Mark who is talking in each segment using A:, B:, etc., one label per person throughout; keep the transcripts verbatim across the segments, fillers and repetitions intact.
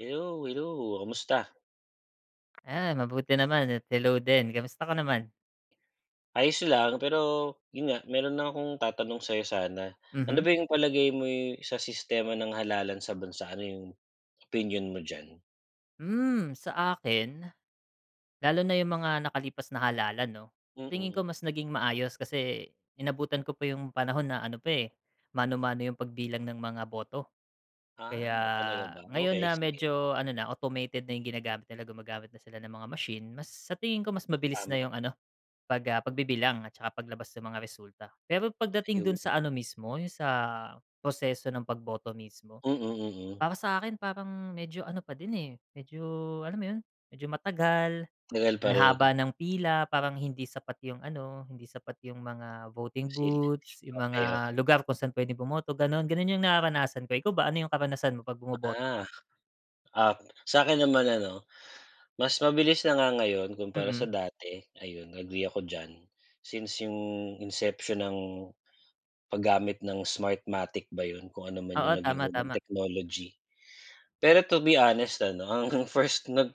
A: Hello, hello. Kamusta?
B: 'Yan, mabuti naman at hello din, kamusta ka naman?
A: Ayos lang, pero 'yun nga, meron lang akong tatanong sa'yo sana, ano
B: Mhm.
A: ba 'yong palagay mo, eh, sa sistema ng halalan sa bansa, ano 'yung opinyon mo diyan?
B: Hmm, sa akin, lalo na 'yung mga nakalipas na halalan, 'no, sa tingin ko
A: Mm.
B: mas naging maayos kasi inabutan ko pa 'yung panahon na ano pa, eh, mano-mano 'yung pagbilang ng mga boto. Kaya,
A: Ah, talaga ba,
B: ngayon
A: okey
B: na
A: sige.
B: medyo ano na automated na 'yung ginagamit nila, gumagamit na sila ng mga machine, mas sa tingin ko mas mabilis
A: Tama.
B: na 'yung ano pag, ah, pagbibilang at saka paglabas ng mga resulta. Pero pagdating dun
A: Ayon.
B: sa ano mismo, 'yung sa proseso ng pagboto mismo,
A: Mm, mm.
B: para sa akin parang medyo ano pa din, eh, medyo alam mo 'yun medyo matagal,
A: Legal
B: ang
A: pa
B: haba
A: rin.
B: ng pila, parang hindi sapat 'yung ano, hindi sapat 'yung mga voting
A: [unintelligible]
B: booths, 'yung
A: Okey,
B: mga
A: okey.
B: lugar kung saan puwedeng bumoto gano'n, gano'n 'yung nararanasan ko. Ikaw ba, ano 'yung karanasan mo 'pag bumoboto
A: Ah,
B: ka?
A: ah, sa akin naman ano, mas mabilis na nga ngayon kumpara sa
B: Mm.
A: dati, ayun agree ako diyan since 'yung inception ng paggamit ng Smartmatic ba 'yun, kung ano man
B: Oo,
A: 'yung naging
B: tama,
A: unang
B: tama.
A: technology. Pero to be honest ano, ang first nag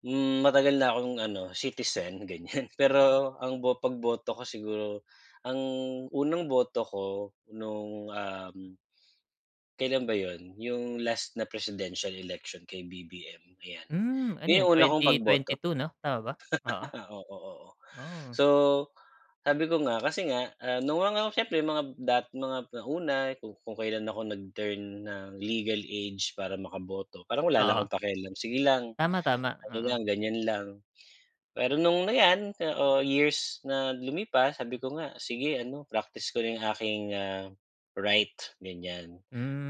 A: hmm, matagal na akong ano, citizen ganiyan pero ang bo pagboto ko siguro, ang unang boto ko nung, um, kailan ba 'yon, 'yong last na presidential election kay B-B-M ayan,
B: Hmm, ano
A: 'yon
B: 'yan
A: ang una kong
B: twenty twenty
A: pagboto.
B: two 'no tama ba? Oo.
A: Oo, oo.
B: Oh.
A: So sabi ko nga, kasi nga, ah, nung mga siyempre mga dating mga nauna, kung kailan ako nag-turn ng legal age para makaboto, parang wala lang
B: Oo.
A: akong pakialam. Sige lang,
B: Tama, tama,
A: ano lang,
B: oo.
A: ganiyan lang. Pero nung, ayan, oh, years na lumipas, sabi ko nga, sige, ano, praktis ko na 'yung aking, ah, right, ganiyan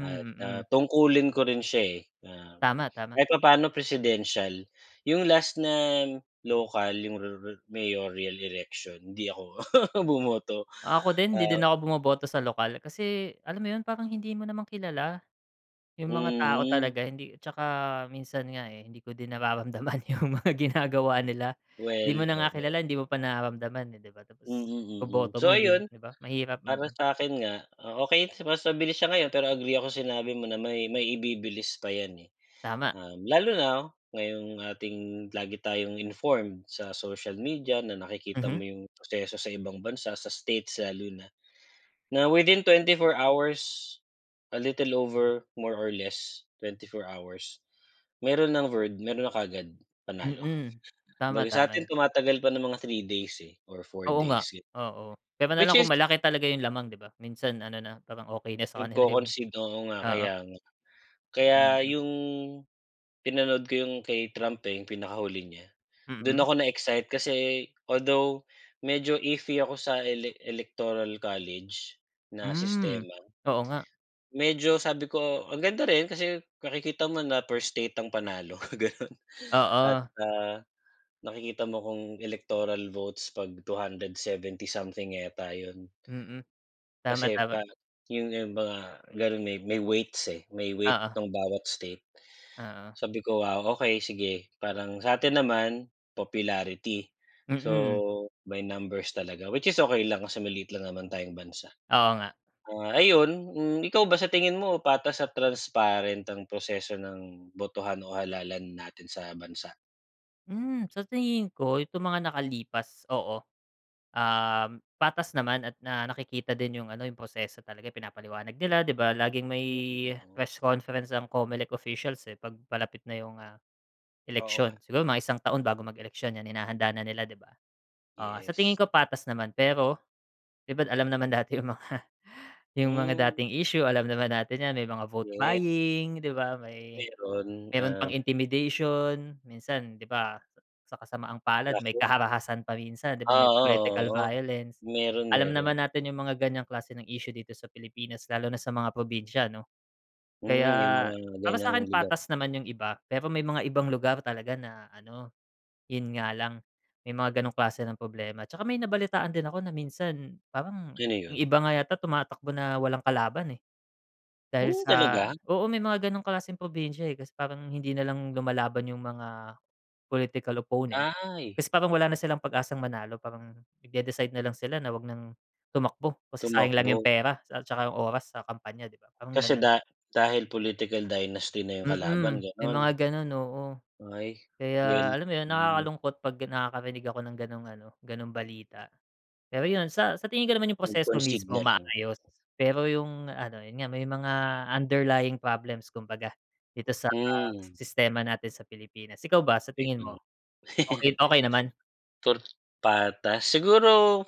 A: at, ah,
B: mm.
A: tungkulin ko rin siya, eh, na
B: Tama, tama.
A: kahit papaano presidential, 'yung last na lokal, 'yung me mayoral election, hindi ako bumoto.
B: Ako din, hindi
A: Ah
B: din ako bumoboto sa lokal, kasi alam mo 'yun, parang hindi mo naman kilala, 'yung mga tao
A: Mhm.
B: talaga. Hindi 'tsaka minsan nga, eh, hindi ko din nararamdaman 'yung mga ginagawa nila. 'Di mo
A: Well,
B: na nga
A: oh, me
B: kilala, hindi mo pa nararamdaman, eh, 'di ba,
A: Mm,
B: tapos
A: mm.
B: iboboto mo,
A: So
B: hin
A: ayun,
B: 'di ba mahirap,
A: para
B: mm.
A: sa'kin nga, oh, okey mas mabilis siya ngayon, pero agree ako sinabi mo na may may ibibilis pa 'yan ,eh.
B: Tama.
A: Um, lalo na ngayong ating lagi tayong informed sa social media na nakikita
B: Mhm.
A: mo 'yung proseso sa ibang bansa, sa states lalo na, na within twenty four hours, a little over more or less twenty four hours, meron ng word meron na kaagad panalo.
B: Mm, tama,
A: Kumbaga
B: tama
A: sa'tin
B: 'yun.
A: tumatagal pa ng mga three days, eh, or four
B: Oo nga,
A: days, gano'n.
B: oo, puwera
A: Which
B: nalang kung
A: is
B: malaki talaga 'yung lamang 'di ba, minsan ano na, parang okey na sa kanila 'yung
A: nagko-concede, oo nga
B: oo.
A: kaya nga. Kaya
B: Mm.
A: 'yung, pinanood ko 'yung kay Trump, eh, 'yung pinakahuli niya, doon
B: Mhm.
A: ako na-excite kasi although medyo iffy ako sa Elec Electoral College, na
B: Hmm,
A: sistema.
B: oo nga.
A: Medyo, sabi ko, ang ganda rin kasi nakikita mo na per state ang panalo ganun at,
B: Oo.
A: ah, nakikita mo kung Electoral votes pag two hundred seventy something yata 'yun.
B: Mm, tama,
A: Kasi
B: tama.
A: pa 'yung 'yung mga gano'n may may weights, eh, may weight
B: Oo.
A: ng bawat state.
B: Oo.
A: Sabi ko, "Wow, okey, sige, parang sa'tin naman, popularity, so
B: Mm.
A: may numbers talaga, which is okey lang, kasi maliit lang naman tayong bansa."
B: Oo nga.
A: Ah, ayun, hmm, ikaw ba sa tingin mo patas at transparent ang proseso ng botohan o halalan natin sa bansa?
B: Hmm, sa tingin ko itong mga nakalipas oo. Um, patas naman at na nakikita din 'yung ano, 'yung proseso talaga pinapaliwanag nila, 'di ba? Laging may
A: Mm, mm.
B: press conference ang CO-ME-LEC officials, eh, 'pag palapit na 'yung, ah,
A: Oo nga.
B: eleksyon. Siguro, mga isang taon bago mag-eleksyon, 'yan, hinahanda na nila, 'di ba? Oo, sa tingin
A: Yes.
B: ko patas naman, pero 'di ba alam naman natin yung mga 'yung mga
A: Hmm.
B: dating issue, alam naman natin 'yan, may mga vote
A: Ye
B: buying, 'di ba? May
A: Meron,
B: meron pang
A: um
B: intimidation, minsan, 'di ba? Sa kasamaang palad, may
A: [unintelligible]
B: karahasan pa minsan, 'di ba?
A: Ah,
B: May
A: oo,
B: political
A: oo.
B: violence.
A: Meron,
B: Alam naman
A: meron.
B: natin 'yung mga ganyang klase ng issue dito sa Pilipinas lalo na sa mga probinsya, 'no?
A: Mm, 'yung
B: Kaya
A: mga
B: para sa
A: gan'yang
B: akin,
A: lugar.
B: patas naman 'yung iba, pero may mga ibang lugar talaga na ano, 'yun nga lang, may mga ganong klase ng problema. Tsaka may nabalitaan din ako na minsan parang
A: Sino
B: 'yung
A: 'yon?
B: iba nga yata tumatakbo na walang kalaban, eh. Dahil
A: Hmm,
B: sa
A: talaga?
B: oo, may mga gano'ng klaseng probinsya, eh, kasi parang hindi na lang lumalaban 'yung mga political opponent
A: Ay.
B: kasi parang wala na silang pag-asang manalo. Parang nagde-decide na lang sila na huwag nang tumakbo kasi sayang lang 'yung
A: Tumakbo.
B: pera at tsaka 'yung oras sa kampanya, 'di ba? Parang
A: Kasi
B: gano'n.
A: da dahil political dynasty na 'yung kalaban,
B: Mm, may mga
A: gano'n?
B: ganun, oo.
A: Ay.
B: Kaya
A: Well
B: alam mo 'yun,
A: mm.
B: nakakalungkot 'pag nakakarinig ako ng gano'ng ano, ganong balita. Pero 'yun, sa sa tingin ko naman 'yung proseso
A: Nag-concede
B: mismo,
A: na lang.
B: maayos pero 'yung ano, 'yun nga may mga underlying problems kumbaga dito sa
A: Mm.
B: sistema natin sa Pilipinas. Ikaw ba, sa
A: Kahit
B: tingin
A: ano.
B: mo, okey okey naman?
A: Tor patas? Siguro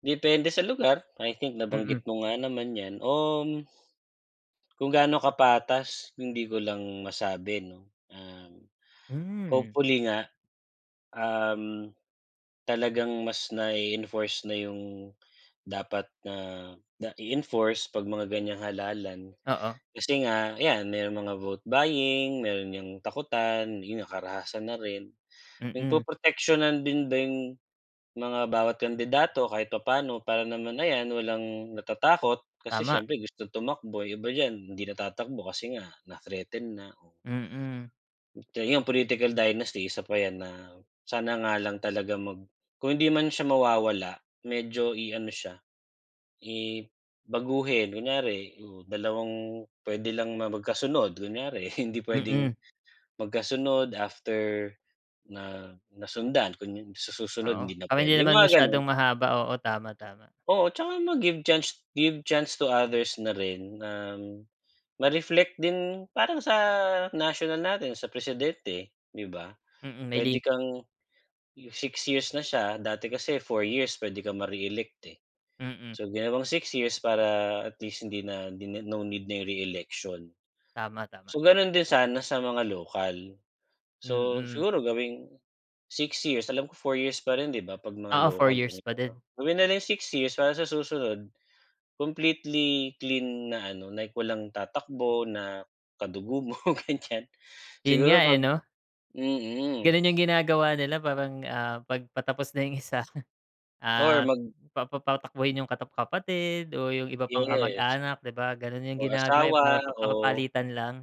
A: depende sa lugar. I think
B: Mm.
A: nabanggit mo nga naman 'yan, um, kung gaano kapatas, hindi ko lang masabi 'no. Um,
B: Hmm.
A: hopefully nga, um, talagang mas nai-enforce na 'yung dapat na na i-enforce pag mga gan'yang halalan.
B: Oo.
A: Kasi nga 'yan, merong mga vote buying, meron 'yang takutan, yun na karahasan na rin.
B: Mm.
A: Napoproteksiyonan din din yung mga bawat kandidato kahit papa'no para naman ayan, walang natatakot kasi
B: Tama.
A: siyempre gusto tumakbo. Iba diyan hindi na tatakbo kasi nga na-threaten na, oh.
B: Mm.
A: So, yung political dynasty, isa pa 'yan na sana nga lang talaga mag kung hindi man siya mawawala, medyo i-ano siya, i baguhin. Kunyari, oh, dalawang puwede lang ma magkasunod, kunyari. Hindi puwedeng
B: Mm.
A: magkasunod, after na nasundan. Kung yun sa susunod,
B: Oo,
A: hindi na
B: kami di
A: puwede, yung
B: naman
A: mga gano'n.
B: masyadong mahaba. Oo, tama, tama.
A: Oo, tsaka ma-give chance give chance to others na rin na ma-reflect din, parang sa national natin, sa presidente, 'di ba?
B: Mm, may li
A: Puwede kang six years na siya, dati kasi four years puwede kang mare-elect, eh.
B: Mm.
A: So, ginawang six years para at least hindi na din na no need na yung re-election.
B: Tama, tama.
A: So, ganun din sana sa mga local. So,
B: Mm.
A: siguro gawing six years. Alam ko four years pa rin, 'di ba, 'pag mga
B: Oo, four
A: lokal
B: years
A: ganito
B: pa
A: 'no?
B: din.
A: Gawin na rin six years para sa susunod, completely clean na ano, like walang tatakbo na kadugo mo, ganyan.
B: 'Yun nga,
A: Siguro
B: eh,
A: 'pag
B: 'no?
A: mm.
B: Gano'n 'yung ginagawa nila parang, ah, 'pag patapos na yung isa,
A: Or
B: at
A: mag
B: pa papatakbuhin 'yung katap kapatid o 'yung iba pang
A: Yes.
B: kamag-anak, 'di ba? Ganun 'yung
A: Or
B: ginagawa, eh, para
A: asawa
B: pap parang
A: o
B: papalitan lang.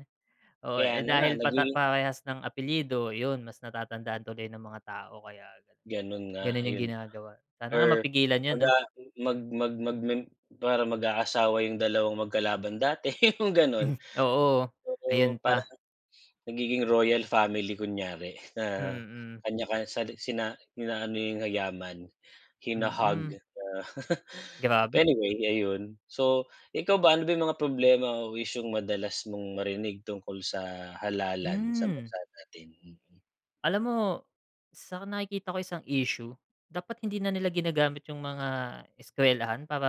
B: Oo,
A: Kaya
B: eh,
A: na nga.
B: dahil patap
A: Naging
B: parehas ng apelyido, 'yun, mas natatandaan tuloy ng mga tao kaya ganun,
A: Ganun nga,
B: ganun 'yung
A: ayun nga.
B: ginagawa. Sana nga
A: Or
B: mapigilan 'yun,
A: mag,
B: 'no?
A: ah, mag mag mag mag parang mag-aasawa 'yung dalawang magkalaban dati, 'yung ganun.
B: Oo, ayan
A: Oo, parang
B: pa.
A: nagiging royal family kunyari na
B: Mm.
A: kanya ka sa sina inaano yung yaman, hina-hog
B: Mm.
A: na
B: Grabe.
A: But anyway, ayun. So, ikaw ba ano ba 'yung mga problema o isyung madalas mong marinig tungkol sa halalan sa
B: Hmm.
A: bansa natin? Mm.
B: Alam mo, sa nakikita ko isang issue, dapat hindi na nila ginagamit 'yung mga eskwelahan para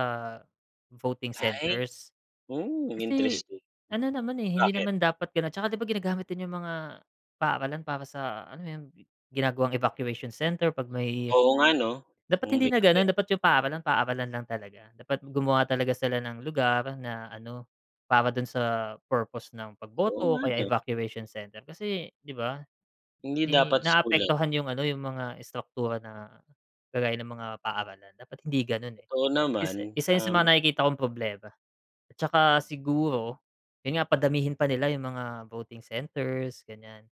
B: voting
A: Ay.
B: centers.
A: Hmm,
B: Kasi
A: interesting.
B: ano naman, eh, hindi
A: Bakit?
B: naman dapat gano'n, 'tsaka 'di ba ginagamit din 'yung mga paaralan para sa alam mo 'yon, gi ginagawang evacuation center 'pag may
A: Oo nga 'no.
B: dapat
A: Kung
B: hindi
A: may
B: na gano'n.
A: [unintelligible]
B: Dapat 'yung paaralan, paaralan lang talaga. Dapat gumawa talaga sila ng lugar na ano, para do'n sa purpose ng
A: Oo
B: pagboto o
A: nga
B: kaya
A: 'no.
B: evacuation center. Kasi 'di ba,
A: Hindi
B: 'di
A: dapat school, eh.
B: naaapektuhan 'yung ano, 'yung mga istraktura na kagaya ng mga paaralan, dapat hindi gano'n, eh.
A: Totoo
B: Isa
A: naman.
B: isa 'yon sa mga
A: Um
B: nakikita kong problema. At saka siguro, 'yon nga padamihin pa nila 'yung mga voting centers, ganiyan.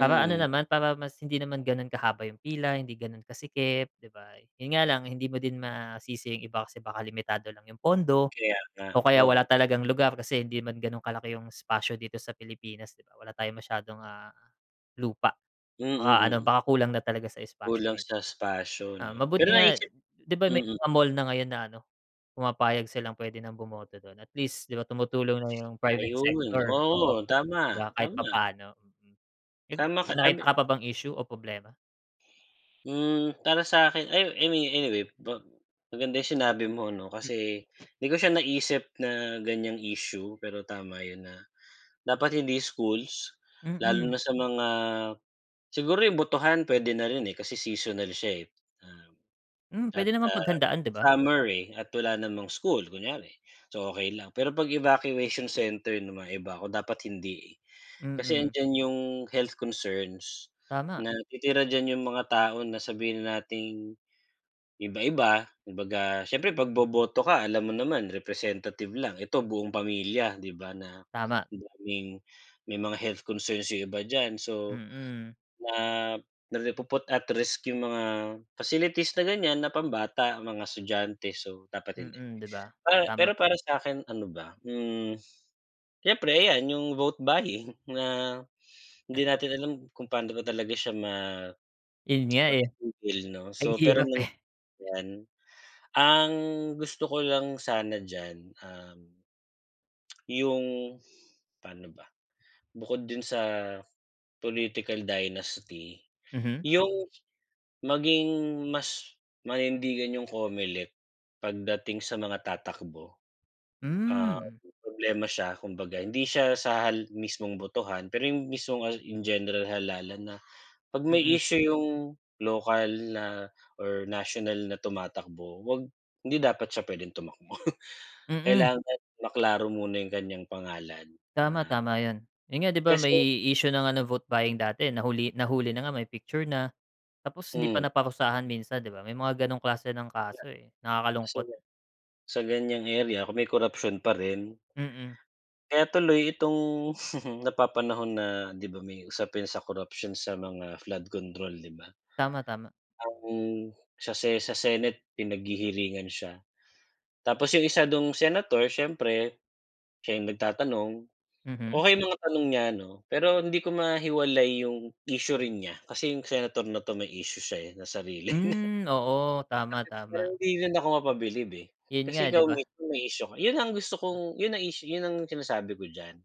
B: Para ano naman, para mas hindi naman gano'n kahaba 'yung pila, hindi gano'n kasikip, 'di ba? 'Yon nga lang hindi mo din masisi 'yung iba kasi baka limitado lang 'yung pondo
A: Kaya nga.
B: o kaya wala
A: Oo.
B: talagang lugar, kasi hindi man gano'n kalaki 'yung espasyo dito sa Pilipinas, 'di ba. Wala tayong masyadong, ah, lupa.
A: Mm,
B: Baka ano,
A: mm.
B: baka kulang na talaga sa espasyo
A: Kulang sa
B: minsan.
A: espasyo
B: Ah,
A: 'no. Pero
B: mabuti nga,
A: naisip
B: 'di ba may
A: mm.
B: mga mall na ngayon na ano, pumapayag silang puwede nang bumoto do'n. At least 'di ba tumutulong na 'yung private
A: Ayun,
B: sector, oo,
A: oo. Tama.
B: 'di ba kahit
A: Tama.
B: papaano, mm. Eh,
A: Tama ka,
B: may nakita
A: abi
B: ka pa bang issue o problema?
A: Hmm, para sa akin ayu I mean anyway ba maganda yung sinabi mo 'no,
B: Hmm.
A: kasi 'di ko siya naisip na ganiyang issue, pero tama yun na dapat hindi schools, lalo
B: Mm.
A: na sa mga siguro yung botohan puwede na rin, eh, kasi seasonal siya, eh, oo
B: Hmm,
A: at,
B: puwede namang
A: ah,
B: paghandaan di ba?
A: summer, eh, at wala namang school kunyari, so okey lang. Pero 'pag evacuation center 'no, maiba ako, dapat hindi, eh. Kasi
B: Mm.
A: 'andiyan yung health concerns,
B: Tama.
A: na titira diyan yung mga tao na sabihin nating, iba-iba, kumbaga siyempre pagboboto ka alam mo naman representative lang, ito buong pamilya 'di ba na
B: Tama.
A: daming may mga health concerns yung iba diyan so,
B: Mm.
A: na ri napuput at risk yung mga facilities na ganiyan na pambata, mga estudyante, so dapat hindi.
B: Mm, 'di ba,
A: Pa
B: tama.
A: pero para sa akin ano ba, hmm, siyempre ayan yung vote buying na hindi natin alam kung paano ba talaga siya ma
B: Yun nga, eh,
A: matitigil 'no,
B: ang
A: so pero
B: hirap
A: nung
B: eh.
A: nan [unintelligible] yan, ang gusto ko lang sana diyan, um yung pano ba? Bukod dun sa political dynasty,
B: Mhm.
A: yung maging mas manindigan yung Comelec pagdating sa mga tatakbo. Um,
B: Hmm.
A: problema siya kumbaga hindi siya sa hal mismong botohan pero yung mismong hal in general halalan na 'pag may
B: Mm.
A: issue yung lokal na or national na tumatakbo 'wag hindi dapat siya puwedeng tumakbo.
B: Mm.
A: Kailangan maklaro muna yung kanyang pangalan.
B: Tama,
A: Ah
B: tama yun. Eh, ngayon di ba may
A: kasi
B: issue ng ano vote buying dati nahuli nahuli na nga may picture na, tapos hindi pa
A: Hmm.
B: naparusahan minsan 'di ba, may mga ganong klase ng kaso, eh, nakakalungkot.
A: [unintelligible] Sa ganiyang area kung may korapsyon pa rin
B: Mm.
A: kaya tuloy itong napapanahon na 'di ba may usapin sa corruption sa mga flood control di ba?
B: Tama, tama.
A: Ang sa Se sa Senate pinaghihiringan siya, tapos yung isa dung Senator siyempre, siya yung nagtatanong,
B: Mhm.
A: okey mga tanong niya 'no, pero hindi ko mahiwalay yung issue rin niya, kasi yung Senator na 'to may issue siya, eh, na sarili niya
B: Hmm, oo, tama,
A: [unintelligible] parang
B: tama.
A: hindi rin ako mapabilib, eh,
B: 'Yun nga
A: kasi
B: di
A: ikaw
B: ba?
A: mismo may issue ka yun ang gusto kong yun ang issue yun ang sinasabi ko diyan,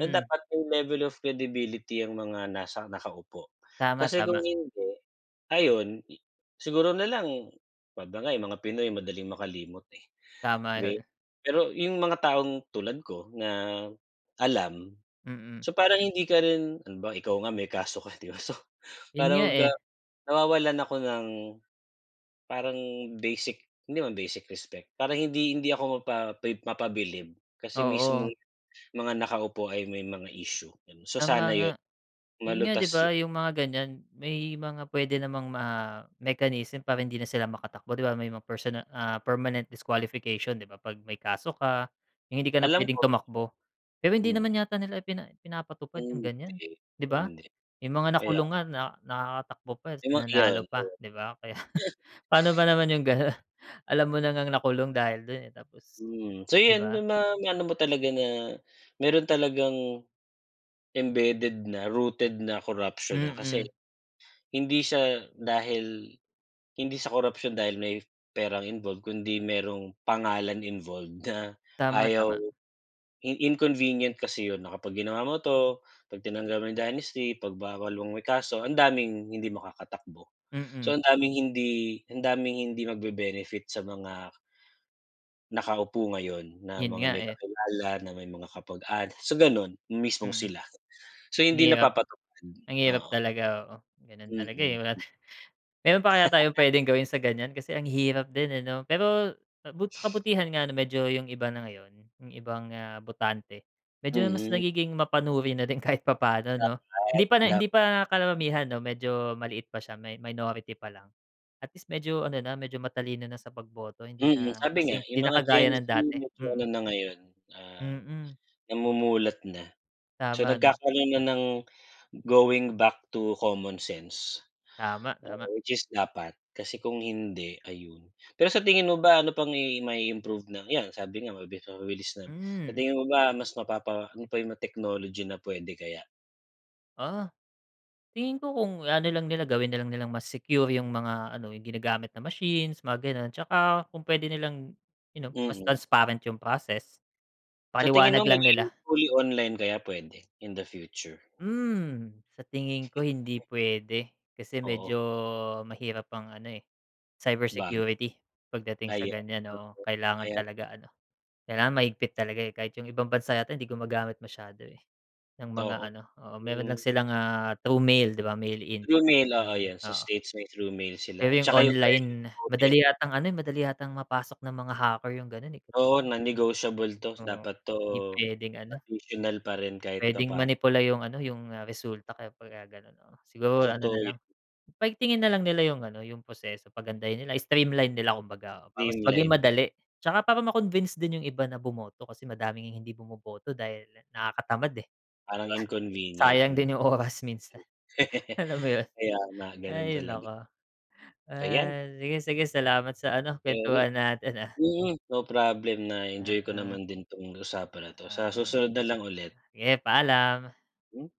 A: na dapat may level of credibility ang mga nasa nakaupo.
B: Tama,
A: Kasi kung
B: tama.
A: hindi, ayun siguro na lang 'pag nga mga Pinoy madaling makalimot, eh,
B: Tama
A: di
B: yun.
A: pero yung mga taong tulad ko na alam,
B: Mm.
A: so parang hindi ka rin halimbawa ikaw nga may kaso ka 'di ba so,
B: Yun nga,
A: parang ga
B: eh.
A: nawawalan ako ng, parang basic, hindi naman basic respect, parang hindi hindi ako mapa mapabilib kasi
B: Oo.
A: mismong mga nakaupo ay may mga issue, ganon. So
B: Tama
A: sana
B: nga.
A: yun
B: Yun nga 'di
A: malutas yun.
B: ba yung mga ganiyan, may mga puwede namang ma mechanism para hindi na sila makatakbo 'di ba may mga personal ah, permanent disqualification 'di ba, 'pag may kaso ka, yung hindi ka na
A: Alam
B: puwedeng
A: ko, di
B: tumakbo. Pero hindi
A: ba hmm.
B: naman yata nila pina pinapatupad yung
A: Hindi,
B: ganiyan di ba?
A: hindi.
B: Yung mga
A: Kaya
B: nakulong
A: nga.
B: nga na nakakatakbo pa,
A: Yung mga
B: nanalo
A: iyon
B: pa
A: yon.
B: 'di ba kaya paano ba naman yung ganon, alam mo na ngang nakulong dahil dun, eh, tapos
A: Hmm, so
B: di
A: yun
B: ba?
A: may mga maano mo talaga na meron talagang embeded na, rooted na korapsyon, ha,
B: Mm.
A: kasi hindi siya dahil hindi sa korupsyon dahil may perang involved kundi merong pangalan involved na
B: Tama,
A: ayaw
B: tama.
A: in inconvenient kasi yun na kapag ginawa mo 'to, 'pag tinanggal mo yung dynasty, 'pag bawal mo may kaso, ang daming hindi makakatakbo.
B: Mm.
A: So ang daming hindi ang daming hindi mag be benefit sa mga nakaupo ngayon, na
B: Yun
A: mga
B: nga,
A: may
B: eh.
A: kakilala, na may mga kamag-anak so ganun, yung mismong
B: Mm.
A: sila. So
B: Ang
A: hindi
B: hirap
A: napapatupad,
B: ang hirap
A: oo.
B: talaga, oo. Ganun talaga, eh,
A: Mm.
B: wala ta meron pa kaya tayong puwedeng gawin sa ganiyan, kasi ang hirap din, eh, 'no? Pero bu sa kabutihan nga 'no medyo yung iba na ngayon yung ibang, ah, botante, medyo mas
A: Mhm.
B: nagiging mapanuri na din kahit papaano no.
A: Dapat,
B: Hindi pa na
A: dapat.
B: hindi pa karamihan no medyo maliit pa siya, may minority pa lang, at least medyo ano na medyo matalino na sa pagboto hindi
A: Mm,
B: na
A: sabi nga,
B: kasing hindi
A: yung
B: na
A: mga
B: kagaya
A: Gen Z
B: ng dati,
A: medyo
B: mm.
A: ano na ngayon, ah,
B: Mm.
A: namumulat na. So
B: Tama 'no.
A: nagkakaroon na ng going back to common sense.
B: Tama, tama.
A: Oo, which is dapat kasi kung hindi, ayun. Pero sa tingin mo ba ano pang i may ma-iimprove na yan, sabi nga mabilis mabilis lang sa
B: Hmm.
A: tingin mo ba mas mapapa ano pa yung mga technology na puwede kaya?
B: Ah, tingin ko kung ano lang nila, gawin na lang nilang mas secure yung mga ano, yung ginagamit na machines, mga ganun. Tsaka kung puwede nilang you know, mas
A: Mm.
B: transparent yung process.
A: Sa tingin
B: Paliwanag
A: mo,
B: lang nila.
A: magiging fully online kaya pwede in the future?
B: Hmm, sa tingin ko hindi puwede kasi
A: Oo.
B: medyo mahirap ang ano, eh,
A: Bag.
B: cybersecurity pagdating sa
A: Ayan,
B: ganyan, oo.
A: oo.
B: Kailangan
A: Ayan.
B: talaga ano, kailangan mahigpit talaga, eh. Kahit yung ibang bansa yata hindi gumagamit masyado, eh, ng mga
A: Oo.
B: ano, oo. Meron
A: Mm.
B: lang silang, ah, through mail, di ba, mail in,
A: Through mail, oo,
B: [unintelligible]
A: 'yan. Sa
B: oo.
A: States may through mail
B: Pero
A: sila at
B: yung
A: tsaka yung early
B: online madali
A: voting.
B: yatang ano, madali yatang mapasok ng mga hacker yung ganun, eh.
A: Oo, non-negotiable 'to.
B: Oo.
A: Dapat 'to
B: Hindi puwedeng ano.
A: traditional pa rin kahit
B: Puwedeng
A: papa'no.
B: manipula yung ano, yung resulta kaya 'pag gano'n. Siguro ano na
A: Totoo 'yon.
B: lang paigtingin nalang nila yung ano, yung proseso. Pagandahin nila, streamline nila kumbaga para mas maging
A: Streamline.
B: madali tsaka para ma-convince din yung iba na bumoto kasi madaming hindi bumoboto dahil nakakatamad, eh, di
A: Parang
B: ba?
A: inconvenient,
B: Sayang
A: mm.
B: din yung oras minsan. Alam mo yun?
A: Kaya nga, ganun
B: Ay
A: talaga.
B: naku.
A: Ayan.
B: Ah, sige, sige salamat sa ano,
A: [unintelligible]
B: kuwentuhan natin ah.
A: Mm, no problem. Na-enjoy ko
B: Mm.
A: naman din 'tong usapan na 'to. Sa
B: Tama.
A: susunod na lang ulit.
B: Sige, paalam!
A: M?